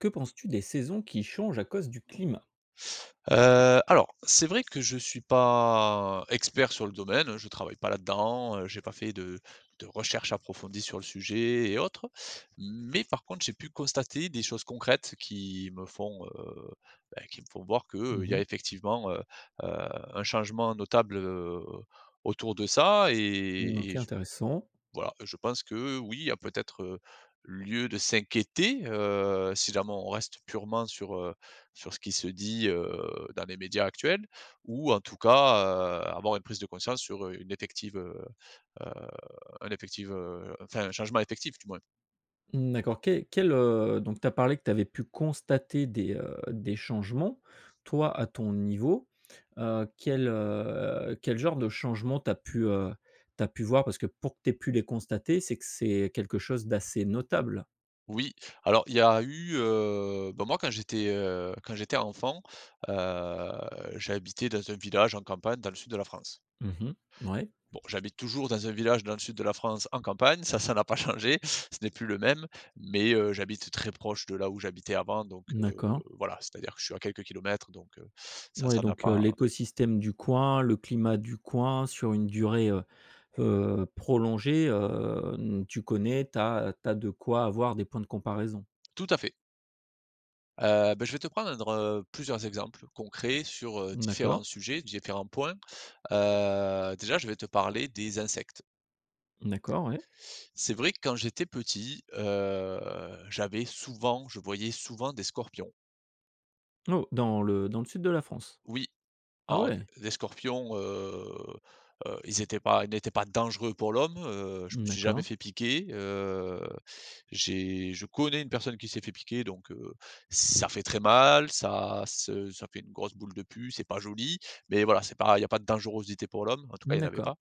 Que penses-tu des saisons qui changent à cause du climat? Heu, alors, c'est vrai que je suis pas expert sur le domaine, hein, je travaille pas là-dedans, heu, j'ai pas fait de de recherches approfondies sur le sujet et autres, mais par contre, j'ai pu constater des choses concrètes qui me font, heu, bah, qui me font voir que, heu, Mmh il y a mh. effectivement, heu, heu, un changement notable, heu, autour de ça Mmh, et et OK, j intéressant. voilà. Je pense que, oui, il y a peut-être, heu, lieu de s'inquiéter, heu, si jamais on reste purement sur, heu, sur ce qui se dit, heu, dans les médias actuels, ou en tout cas, heu, avoir une prise de conscience sur, heu, une effective, heu, heu, un effective, heu, enfin, un changement effectif, du moins. Mmh, d'accord. Que quel, heu, donc tu as parlé que tu avais pu constater des, heu, des changements. Toi, à ton niveau, heu, quel, heu, quel genre de changement, tu as pu, heu, tu as pu voir? Parce que pour que tu aies pu les constater, c'est que c'est quelque chose d'assez notable? Oui, alors il y a eu, heu, bah, moi quand j'étais, heu, quand j'étais enfant, heu, j'habitais dans un village en campagne dans le sud de la France. Mmh mh. Mouais? Bon, j'habite toujours dans un village dans le sud de la France en campagne. Ça, ça n'a pas changé ce n'est plus le même, mais heu, j'habite très proche de là où j'habitais avant donc heu, D'accord. voilà. C'est-à-dire que je suis à quelques kilomètres donc heu, ça, Ouais, ça n'a donc heu, pas l'écosystème du coin, le climat du coin, sur une durée, heu, heu, prolongée, heu, n tu connais, tu as tu as de quoi avoir des points de comparaison. Tout à fait. Heu, beh je vais te prendre, heu, plusieurs exemples concrets sur, heu, différents D'accord. sujets, différents points. Heu, déjà je vais te parler des insectes. D'accord ouais. C'est vrai que quand j'étais petit, heu, j'avais souvent je voyais souvent des scorpions. Oh, dans le dans le sud de la France? Oui. Ah Alors d ouais! les scorpions, heu, heu, ils étaient pas ils n'étaient pas dangereux pour l'homme, heu, je Mmh me suis jamais d'accord. fait piquer, heu, j'ai je connais une personne qui s'est fait piquer donc, heu, ça fait très mal. Ça se ça fait une grosse boule de pus, c'est pas joli, mais voilà c'est pas il n'y a pas de dangerosité pour l'homme. En tout cas il y en avait D'accord. pas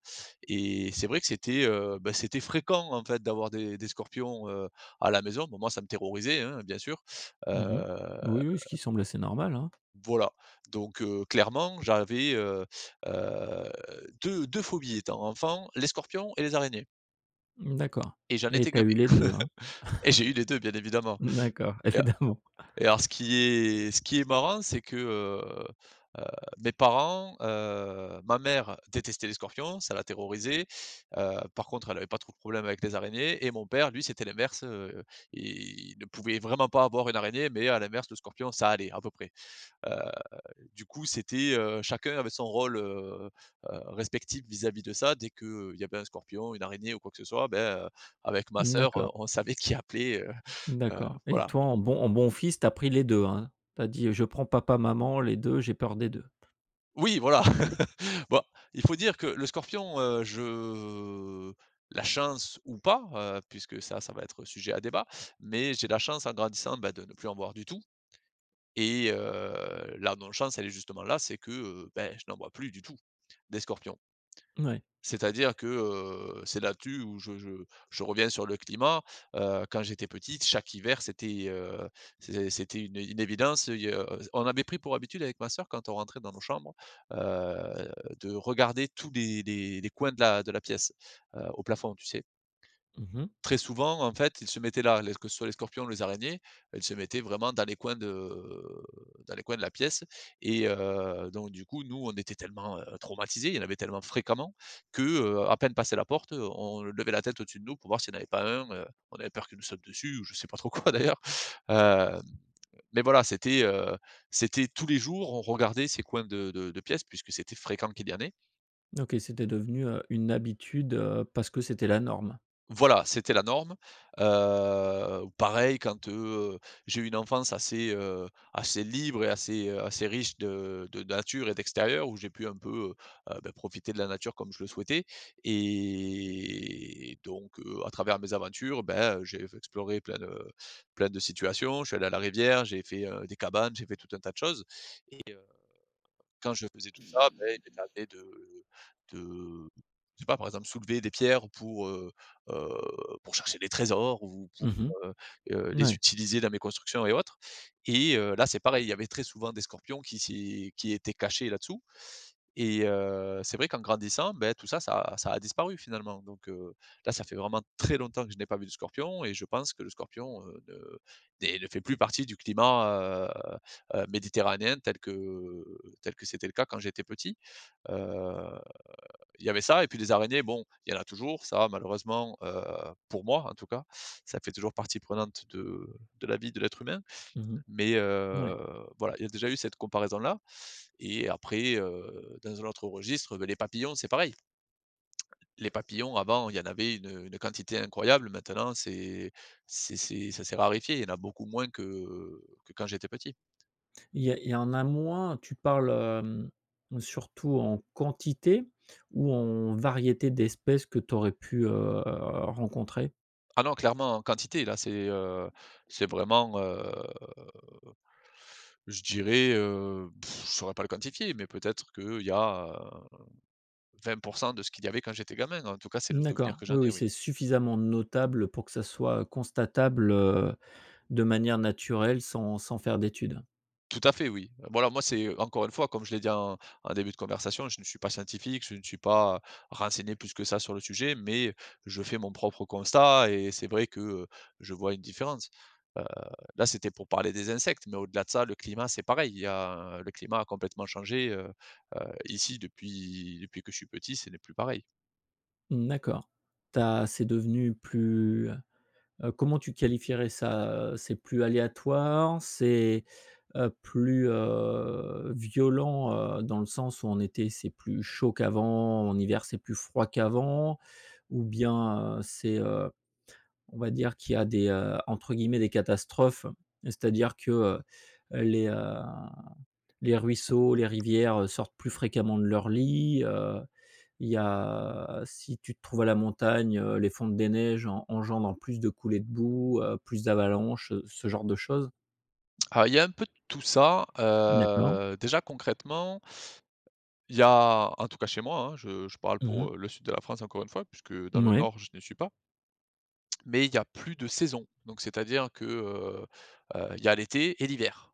et c'est vrai que c'était, heu, bah c'était fréquent en fait d'avoir des des scorpions, heu, à la maison. Bon moi ça me terrorisait hein, bien sûr. Mmh mh. Heu Oui oui, ce qui semble assez normal, hein. voilà. Donc heu, clairement j'avais, heu, heu, deux deux phobies étant enfant, les scorpions et les araignées D'accord et j'en et étais tu as gavé eu les 2, hein? et j'ai eu les 2 bien évidemment Mmh d'accord, et a évidemment. et alors ce qui est ce qui est marrant, c'est que, heu, heu, mes parents, heu ma mère détestait les scorpions, ça la terrorisait. Heu, par contre elle avait pas trop de problèmes avec les araignées et mon père lui c'était l'inverse, heu et il ne pouvait vraiment pas voir une araignée mais à l'inverse le scorpion ça allait, à peu près. Heu, du coup c'était, heu, chacun avait son rôle, heu, heu, respectif vis-à-vis de ça, dès que, heu, il y avait un scorpion, une araignée, ou quoi que ce soit, beh, heu, avec ma sœur, heu, D'accord. on savait qui appeler, heu, heu, D'accord et voilà. toi, en bon en bon fils tu as pris les 2, hein, tu as dit: «Heu, je prends papa maman, les 2, j'ai peur des 2». Oui, voilà. Bon, il faut dire que le scorpion, heu, je la chance ou pas, heu, puisque ça ça va être sujet à débat, mais j'ai la chance en grandissant, ben de ne plus en voir du tout et heu, là non chance elle est justement là, c'est que heu, beh je n'en vois plus du tout, des scorpions. Mouais. C'est-à-dire que, heu, c'est là-dessus où je je je reviens sur le climat, heu, quand j'étais petite chaque hiver c'était, heu, c'est c'était une une évidence, heu, i heu on avait pris pour habitude avec ma sœur quand on rentrait dans nos chambres, heu, de regarder tous les les les coins de la de la pièce, heu, au plafond, tu sais? Mmh mh. Très souvent en fait ils se mettaient là, les que ce soit les scorpions, les araignées, elles se mettaient vraiment dans les coins de dans les coins de la pièce et heu, donc du coup nous on était tellement, heu, traumatisés, il y en avait tellement fréquemment que, heu, à peine passé la porte, heu, on levait la tête au-dessus de nous pour voir s'il y en avait pas un. Heu, on avait peur qu'il nous saute dessus ou je sais pas trop quoi d'ailleurs, heu, mais voilà c'était heu, c'était tous les jours on regardait ces coins de de de pièces puisque c'était fréquent qu'il y en ait. OK, c'était devenu, heu, une habitude, heu, parce que c'était la norme. Voilà, c'était la norme. Heu, ou pareil quand, heu, heu, j'ai eu une enfance assez, heu, assez libre et assez, heu, assez riche de de nature et d'extérieur où j'ai pu un peu, heu, heu, bah profiter de la nature comme je le souhaitais et donc heu, à travers mes aventures ben, heu, j'ai f exploré plein de plein de situations. Je suis allé à la rivière, j'ai fait, heu, des cabanes, j'ai fait tout un tas de choses et heu, quand je faisais tout ça beh, il m'est arrivé de de je sais pas, par exemple soulever des pierres pour, heu, heu, pour chercher des trésors ou pour, Mmh mh. heu, heu, les Mouais. utiliser dans mes constructions et autres et heu, là c'est pareil. Il y avait très souvent des scorpions qui s'y qui étaient cachés là-dessous et heu, c'est vrai qu'en grandissant beh, tout ça ça ça a disparu, finalement. Donc heu, là ça fait vraiment très longtemps que je n'ai pas vu du scorpion et je pense que le scorpion, heu, ne n'est ne fait plus partie du climat, heu, heu, méditerranéen tel que tel que c'était le cas quand j'étais petit. Heu, il y avait ça et puis les araignées. Bon, il y en a toujours ça malheureusement, heu, pour moi en tout cas, ça fait toujours partie prenante de de la vie de l'être humain, Mmh mh. mais heu, Ouais. voilà il y a déjà eu cette comparaison-là et après, heu, dans un autre registre beh, les papillons c'est pareil. Les papillons, avant, il y en avait une, heu, une quantité incroyable. Maintenant c'est c'est c'est ça s'est raréfié, il y en a beaucoup moins que que quand j'étais petit. Il y a il y en a moins, tu parles, hem, surtout en quantité, ou en variété d'espèces que tu aurais pu, heu, rencontrer? Ah non, clairement en quantité, là c'est, heu, c'est vraiment, heu, je dirais, heu, je saurais pas le quantifier mais peut-être qu'il y a 20 % de ce qu'il y avait quand j'étais gamin. En tout cas, c'est le souvenir D'accord. que j'en Oui, ai oui, oui. c'est suffisamment notable pour que ça soit constatable, heu, de manière naturelle sans sans faire d'études. Tout à fait, oui. Voilà moi, c'est, heu, encore une fois, comme je l'ai dit, en en début de conversation, je ne suis pas scientifique, je ne suis pas, heu, renseigné plus que ça sur le sujet, mais je fais mon propre constat et c'est vrai que, heu, je vois une différence. Heu, là c'était pour parler des insectes mais au-delà de ça, le climat, c'est pareil. Il y a le climat a complètement changé, heu, heu, ici depuis depuis que je suis petit, ce n'est plus pareil. D'accord. Tu as c'est devenu plus, heu comment tu qualifierais ça, heu, c'est plus aléatoire, c'est, heu, plus, heu, violent, heu, dans le sens où en été, c'est plus chaud qu'avant, en hiver, c'est plus froid qu'avant? Ou bien, heu, c'est, heu, on va dire qu'il y a des, heu, entre guillemets, «des catastrophes». C'est-à-dire que, heu, les, heu, les ruisseaux, les rivières sortent plus fréquemment de leur lit, heu, il y a si tu te trouves à la montagne, heu, les fontes des neiges engendrent plus de coulées de boue, heu, plus d'avalanches, heu, ce genre de choses? Alors, il y a un peu de tout ça, D'accord. heu, déjà concrètement il y a en tout cas chez moi, hein, je je parle Mmh mh. pour le sud de la France encore une fois puisque dans le Mouais. nord je n'y suis pas mais il y a plus de saison! Donc, c'est-à-dire que, heu heu, il y a l'été et l'hiver.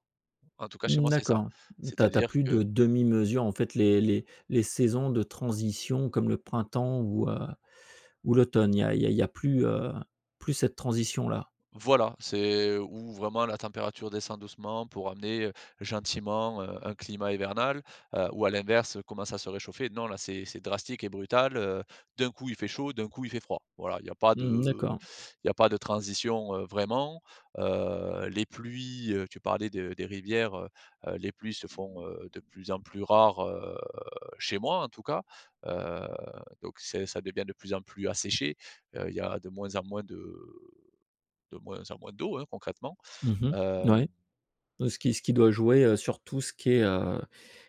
En tout cas chez Mmh, moi c'est ça, d'accord. Tu as tu as c'est-à-dire plus que de demi-mesure en fait. Les les les saisons de transition comme le printemps ou, heu, ou l'automne. Il y a il y a il y a plus, heu, plus cette transition là. Voilà, c'est où vraiment la température descend doucement pour amener, heu, gentiment, heu, un climat hivernal, heu, ou à l'inverse commence à se réchauffer, non là c'est c'est drastique et brutal, heu, d'un coup il fait chaud, d'un coup il fait froid. Voilà, il y a pas de, Mmh mh, heu, d'accord. il y a pas de transition, heu, vraiment, heu, les pluies, heu, tu parlais de des rivières, heu, heu, les pluies se font, heu, de plus en plus rares, heu, chez moi en tout cas, heu, donc c'est ça devient de plus en plus asséché, heu, il y a de moins en moins de de moins en moins d'eau hein, concrètement, Mmh heu mh. Ouais. Ce qui ce qui doit jouer, heu, sur tout ce qui est, heu,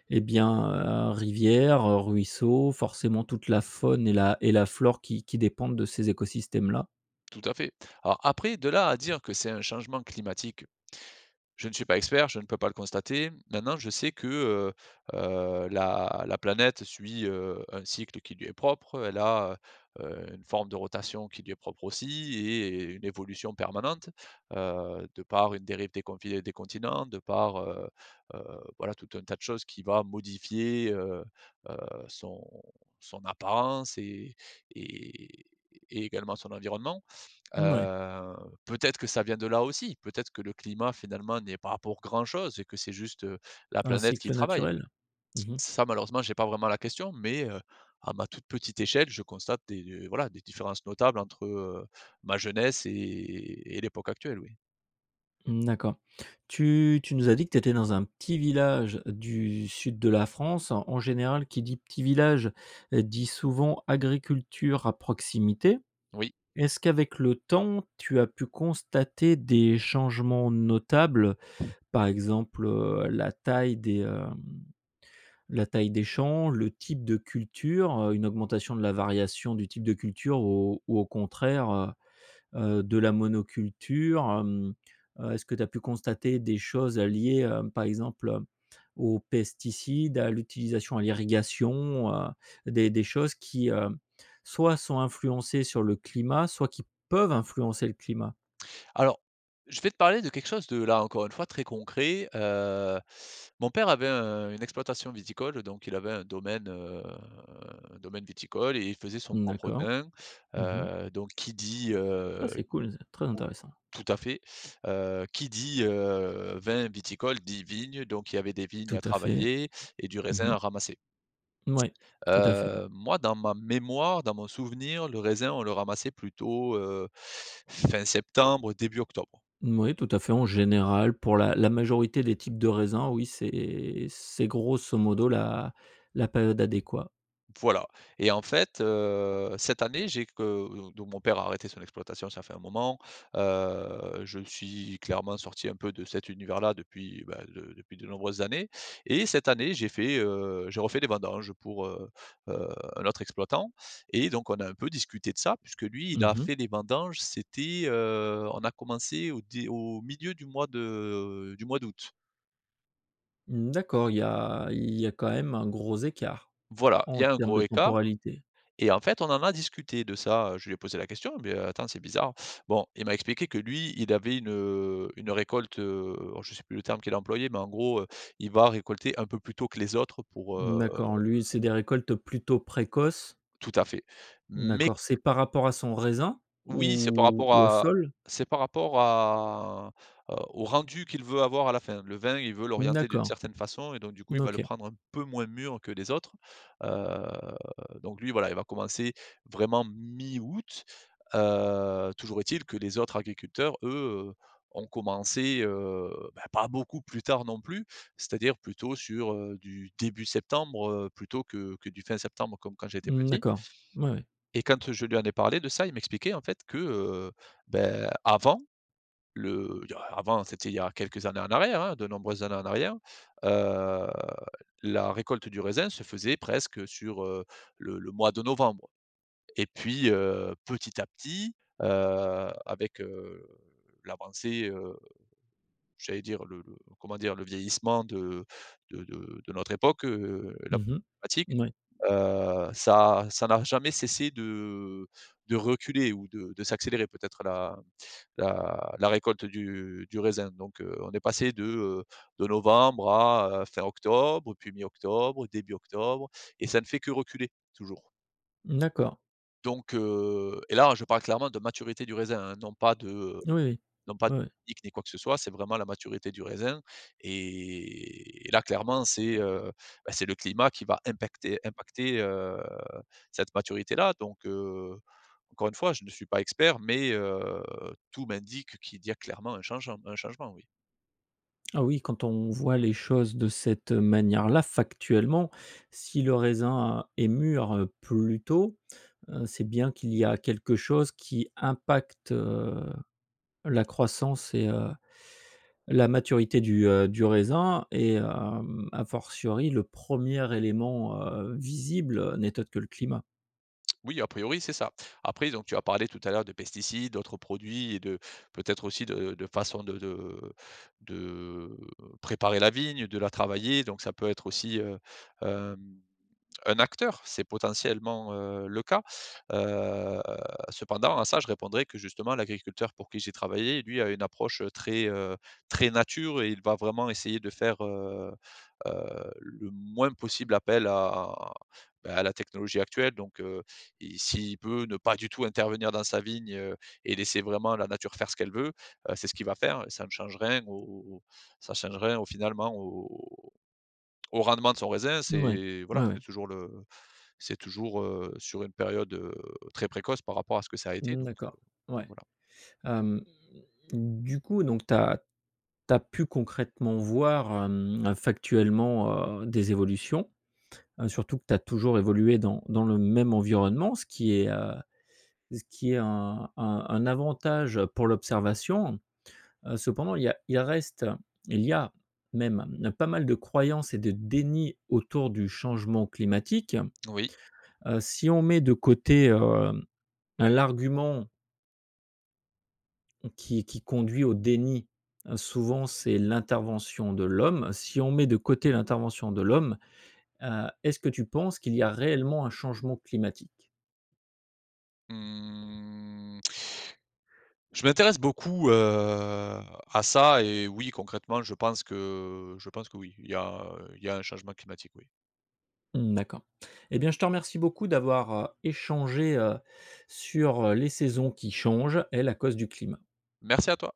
et bien, heu, rivière, ruisseau forcément toute la faune et la et la flore qui qui dépendent de ces écosystèmes-là. Tout à fait. Alors, après, de là à dire que c'est un changement climatique, je ne suis pas expert, je ne peux pas le constater. Maintenant je sais que, heu, heu, la la planète suit, heu, un cycle qui lui est propre. Elle a, heu, une forme de rotation qui lui est propre, aussi, et une évolution permanente, heu, de par une dérive des confi des continents, de par, heu, heu, voilà, tout un tas de choses qui va modifier, heu, heu, son son apparence et et également, son environnement. Mmh, ouais. Heu, peut-être que ça vient de là, aussi? Peut-être que le climat, finalement, n'y est pas pour grand chose et que c'est juste la Un planète qui cycle travaille? naturel? Mmh mh. Ça, malheureusement, j'ai pas vraiment la question mais heu, à ma toute petite échelle, je constate des, heu, voilà, des différences notables entre, heu, ma jeunesse et et l'époque actuelle, oui. Mmh, d'accord. Tu tu nous as dit que tu étais dans un petit village du sud de la France. En général, qui dit: «petit village», dit souvent: «agriculture à proximité». Oui. Est-ce qu'avec le temps, tu as pu constater des changements notables, par exemple, heu, la taille des, heu, la taille des champs, le type de culture, heu, une augmentation de la variation du type de culture ou ou au contraire, heu, heu, de la monoculture? Hem, heu, est-ce que tu as pu constater des choses à liées, heu, par exemple, heu, aux pesticides, à l'utilisation à l'irrigation, heu, des des choses qui, heu, soit sont influencées sur le climat, soit qui peuvent influencer le climat? Alors je vais te parler de quelque chose, de là, encore une fois très concret, heu, mon père avait un une exploitation viticole donc il avait un domaine, heu, un domaine viticole et il faisait son Mmh, propre d'accord, vin, mmh mh. heu, donc qui dit, Ah, heu c'est cool ça! Très ou intéressant. tout à fait, heu, qui dit: «Heu, vin, viticole» dit: «Vignes» donc il y avait des vignes Tout à à fait, travailler et du mmh raisin mh. à ramasser. Moui, tout à fait. Heu, moi dans ma mémoire, dans mon souvenir, le raisin on le ramassait plutôt, heu, fin septembre début octobre. Moui, tout à fait, en général pour la la majorité des types de raisins, oui, c'est c'est grosso modo la la période adéquat. Voilà, et en fait, heu, cette année, j'ai que, heu, donc mon père a arrêté son exploitation, ça fait un moment, heu, je suis clairement sorti un peu de cet univers là depuis, bah, de depuis de nombreuses années, et cette année, j'ai fait, heu, j'ai refait des vendanges, heu, pour, heu, heu, un autre exploitant, et donc on a un peu discuté de ça. Puisque, lui, il Mmh a mh. fait les vendanges c'était, heu, on a commencé au dé au milieu du mois de, heu, du mois d'août. Mmh, d'accord. Il y a il y a quand même un gros écart, Voilà, il en y a un termes de gros écart, temporalité. et en fait, on en a discuté de ça, heu, je lui ai posé la question: «Beh, heu, attends, c'est bizarre.» Bon, il m'a expliqué que, lui, il avait une, heu, une récolte, heu, alors, je sais plus le terme qu'il a employé, mais en gros, heu, il va récolter un peu plus tôt que les autres pour, Mmh, heu d'accord, lui c'est des récoltes plutôt précoces. Tout à fait, mais q D'accord. C'est par rapport à son raisin, Oui, c'est par ou rapport ou au à sol? c'est par rapport à, heu, au rendu qu'il veut avoir à la fin. Le vin, il veut Mmh, l'orienter d'une d'accord, certaine façon, et donc, du coup, n il va le OK. prendre un peu moins mûr que les autres, eu, donc lui, voilà, il va commencer, vraiment, mi-août, heu, toujours est-il que les autres agriculteurs, eux, heu, ont commencé, heu, bah, pas beaucoup plus tard non plus. C'est-à-dire plutôt sur, heu, du début septembre, heu, plutôt que que du fin septembre, comme quand j'étais Mmh, petit. d'accord. Oui, oui. Et quand, heu, je lui en ai parlé de ça, il m'expliquait en fait que, heu, bah avant le il y a avant, c'était il y a quelques années en arrière, hein, de nombreuses années en arrière, heu, la récolte du raisin se faisait presque sur, heu, le le mois de novembre. Et puis, heu, petit à petit, heu, avec, heu, l'avancée, heu, j'allais dire le le comment dire? Le vieillissement de de de notre époque, heu, la Mmh problèmatique mh, oui. heu, ça à ça n'a jamais cessé de de reculer, ou de de s'accélérer, peut-être la la la récolte du du raisin donc heu, on est passé de, heu, de novembre à, heu, fin octobre, puis mi octobre, début octobre et ça ne fait que reculer, toujours. D'accord. Donc heu et là hein, je parle clairement de maturité du raisin, hein, non pas de, heu, Oui, oui. non pas de Oui, oui. technique, ni quoi que ce soit. C'est vraiment la maturité du raisin et et là, clairement c'est, heu, bah, c'est le climat qui va impecter impacter, heu, cette maturité là, donc heu, encore une fois, je ne suis pas expert mais heu, tout m'indique qu'il y a clairement un changeant un changement, oui. Oh, oui, quand on voit les choses de cette manière là, factuellement, si le raisin est mûr plus tôt, heu, c'est bien qu'il y a quelque chose qui impacte, heu, la croissance et heu, la maturité du, heu, du raisin et hem, à fortiori, le 1er élément, heu, visible n'est autre que le climat. Oui, à priori, c'est ça. Après, donc tu as parlé tout à l'heure de pesticides, d'autres produits et de peut-être aussi de de façon de de de préparer la vigne, de la travailler donc ça peut être aussi, heu, hem, un acteur, c'est potentiellement, heu, le cas. Heu, cependant à ça, je répondrai que justement l'agriculteur pour qui j'ai travaillé, lui, a une approche très, heu, très nature et il va vraiment essayer de faire, heu heu, le moins possible appel à, bah, à la technologie actuelle, donc, heu, il s'il peut ne pas du tout intervenir dans sa vigne, heu, et laisser vraiment la nature faire ce qu'elle veut, heu, c'est ce qu'il va faire et ça ne change rien au au au ça change rien au finalement au au au rendement de son raisin, Ouais, c'est voilà, ouais, c'est ouais. toujours le c'est toujours, heu, sur une période, heu, très précoce par rapport à ce que ça a été donc, heu, D'accord, enfin, ouais. voilà. Hem, du coup, donc tu as tu as pu concrètement voir hem, factuellement, heu, des évolutions, heu, surtout que tu as toujours évolué dans dans le même environnement, ce qui est, heu, ce qui est un un un avantage pour l'observation. Heu, cependant, il y a il reste il y a même pas mal de croyances et de déni autour du changement climatique. Oui. Heu, si on met de côté, heu, hein l'argument qui qui conduit au déni souvent, c'est l'intervention de l'homme, si on met de côté l'intervention de l'homme, heu, est-ce que tu penses qu'il y a réellement un changement climatique? Mmh, je m'intéresse beaucoup, heu, à ça et oui concrètement je pense que je pense que oui, il y a, heu, il y a un changement climatique oui. D'accord. Et bien, je te remercie beaucoup d'avoir, heu, échangé, heu, sur, heu, les saisons qui changent et la cause du climat. Merci à toi.